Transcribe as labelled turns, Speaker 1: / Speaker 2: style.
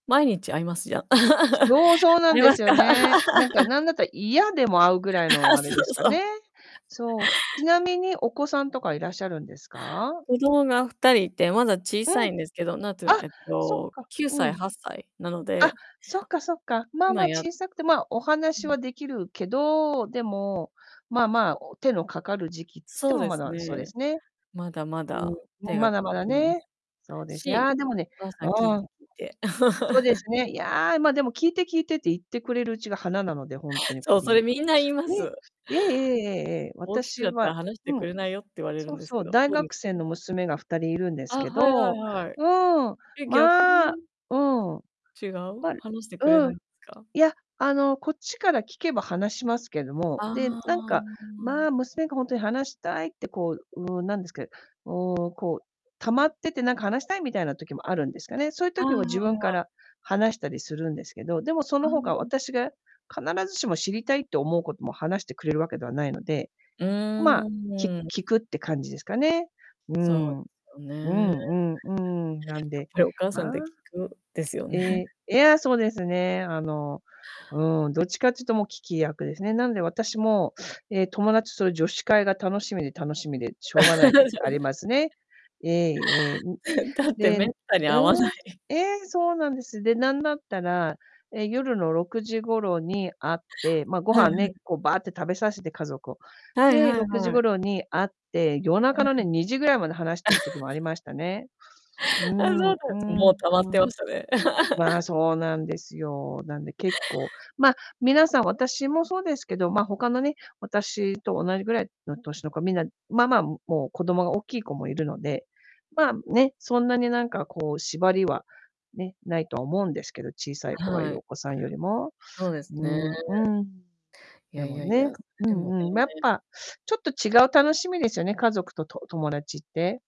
Speaker 1: 毎日会います？じゃ。
Speaker 2: そうそうな
Speaker 1: 会
Speaker 2: ん
Speaker 1: い
Speaker 2: で
Speaker 1: ます
Speaker 2: すよ
Speaker 1: か。
Speaker 2: ね。なんか、なんだったら嫌でも会うぐらいのあ
Speaker 1: そ
Speaker 2: れです
Speaker 1: う
Speaker 2: か
Speaker 1: そう。
Speaker 2: ね、そう。ちなみにお子さんとかいらっしゃるんですか？
Speaker 1: 子供が2人いて、まだ小
Speaker 2: う
Speaker 1: さい
Speaker 2: ん。
Speaker 1: んですけど、なんてな
Speaker 2: あ、
Speaker 1: えっ
Speaker 2: そっ
Speaker 1: と、
Speaker 2: か、
Speaker 1: きゅうさ
Speaker 2: う
Speaker 1: い、
Speaker 2: ん。
Speaker 1: 8歳なの
Speaker 2: あ、
Speaker 1: で
Speaker 2: そっかそっか、まあま
Speaker 1: 今、
Speaker 2: あ、
Speaker 1: やっ
Speaker 2: 小さくて、ま、お
Speaker 1: う
Speaker 2: 話
Speaker 1: ん。
Speaker 2: は出来るけど、でも、まあまあ、お手のかかる時期っつって
Speaker 1: そう
Speaker 2: も
Speaker 1: で
Speaker 2: ま
Speaker 1: す
Speaker 2: だ、そうで
Speaker 1: ね。
Speaker 2: すね。
Speaker 1: まだまだ
Speaker 2: うん、
Speaker 1: 手
Speaker 2: ん、
Speaker 1: が
Speaker 2: ま
Speaker 1: か
Speaker 2: だまだ
Speaker 1: かりま
Speaker 2: ね、そう
Speaker 1: す
Speaker 2: ですね、
Speaker 1: し。
Speaker 2: ああ、でもね、
Speaker 1: お母さ
Speaker 2: う
Speaker 1: ん、聞い
Speaker 2: ー
Speaker 1: て
Speaker 2: ん。
Speaker 1: 聞いて。
Speaker 2: そうです ね、いや、ま、でも「聞いて、聞いて」って言ってくれるうちが華なので、ほんとに、
Speaker 1: そ
Speaker 2: 子
Speaker 1: う、そ
Speaker 2: 供
Speaker 1: れ
Speaker 2: が。
Speaker 1: みんな言いま
Speaker 2: ね
Speaker 1: す。
Speaker 2: え。ええええええええ、
Speaker 1: 大きく
Speaker 2: 私
Speaker 1: なった
Speaker 2: は
Speaker 1: ら話して
Speaker 2: う
Speaker 1: く
Speaker 2: ん。
Speaker 1: れないよって言われる
Speaker 2: そう
Speaker 1: んです
Speaker 2: そ
Speaker 1: け
Speaker 2: う、
Speaker 1: ど
Speaker 2: 大学生の
Speaker 1: [unintelligible]
Speaker 2: 娘が2人いるんです
Speaker 1: あ、
Speaker 2: け
Speaker 1: はいはい
Speaker 2: ど
Speaker 1: はい。
Speaker 2: うん、
Speaker 1: え、逆
Speaker 2: まあ、
Speaker 1: に？
Speaker 2: うん。
Speaker 1: 違う？
Speaker 2: まる
Speaker 1: 話してくれ
Speaker 2: う
Speaker 1: な
Speaker 2: ん。
Speaker 1: いんですか？
Speaker 2: いや、あの、こっちから聞けば話しますけども、
Speaker 1: あ
Speaker 2: で、なんか、まあ、
Speaker 1: あ。
Speaker 2: 娘がほんとに話したいって、こう、うーん、なんですけうーん、こう、溜まってて、なんか、話したいみたいな時もあるんですかね。そゆ
Speaker 1: あああ
Speaker 2: 時は自分か
Speaker 1: あ、あ。
Speaker 2: ら話したりするんですけど、でもそ
Speaker 1: ああ、
Speaker 2: の
Speaker 1: う
Speaker 2: 他、
Speaker 1: ん。
Speaker 2: 私が、必ずしも知りたいって思うことも話してくれるわけではないので、
Speaker 1: う
Speaker 2: まあ、
Speaker 1: ーん、
Speaker 2: き
Speaker 1: うん。
Speaker 2: 聞くって感じですかね。うー
Speaker 1: そう
Speaker 2: ん。
Speaker 1: で
Speaker 2: うん
Speaker 1: すよね。
Speaker 2: うんうん、なん
Speaker 1: やっ
Speaker 2: で
Speaker 1: ぱりお
Speaker 2: [unintelligible]
Speaker 1: 母さんって、聞く [unintelligible] ですよ
Speaker 2: え
Speaker 1: ね。
Speaker 2: え、え、ああ、そうですね、あの、うーん、どっちかっちゅと、もう聞き役ですね。なんで、私も、え、友達と女子会が、楽しみで楽しみでしょうがない時あり ますね。ええええ。ん、
Speaker 1: だって、
Speaker 2: でう
Speaker 1: 滅多に
Speaker 2: ー
Speaker 1: 会わな
Speaker 2: ん、
Speaker 1: い。
Speaker 2: ええ、そうなんです。で、なんだったら、え、夜の6時頃に会って、ま、ご
Speaker 1: はいは
Speaker 2: 飯
Speaker 1: い。
Speaker 2: ね、こう、ばーって食べさせて、家族を。
Speaker 1: はい
Speaker 2: で、
Speaker 1: はい
Speaker 2: 6時
Speaker 1: はい。
Speaker 2: 頃に会って、夜中
Speaker 1: はい。
Speaker 2: のね、2時ぐらいまで話してる時もあり ましたね。う
Speaker 1: あ、そう
Speaker 2: ん
Speaker 1: な
Speaker 2: う
Speaker 1: んつ、
Speaker 2: ん
Speaker 1: もう溜まっ
Speaker 2: う
Speaker 1: て
Speaker 2: ん。
Speaker 1: ましたね。
Speaker 2: まあ、そうなんですよ、なんで結構、ま、皆さん私もそうですけど、ま、他のね、私と同じぐらいの歳の子、皆、まあまあ、もう、子供がおっきい子もいるので、まあ、ね、そんなに、なんか、こう、縛りはね、ないとは思うんですけど、小さい子がい
Speaker 1: は
Speaker 2: る、
Speaker 1: い。
Speaker 2: お子さんよりも。
Speaker 1: そうです
Speaker 2: う
Speaker 1: ね。
Speaker 2: んうん。
Speaker 1: い
Speaker 2: で
Speaker 1: やい
Speaker 2: も
Speaker 1: やい
Speaker 2: ね、
Speaker 1: や、
Speaker 2: う
Speaker 1: でも
Speaker 2: んうん、ま、やっ
Speaker 1: ね。
Speaker 2: ぱ、ちょっと違う楽しみですよね、家族と､と友達って。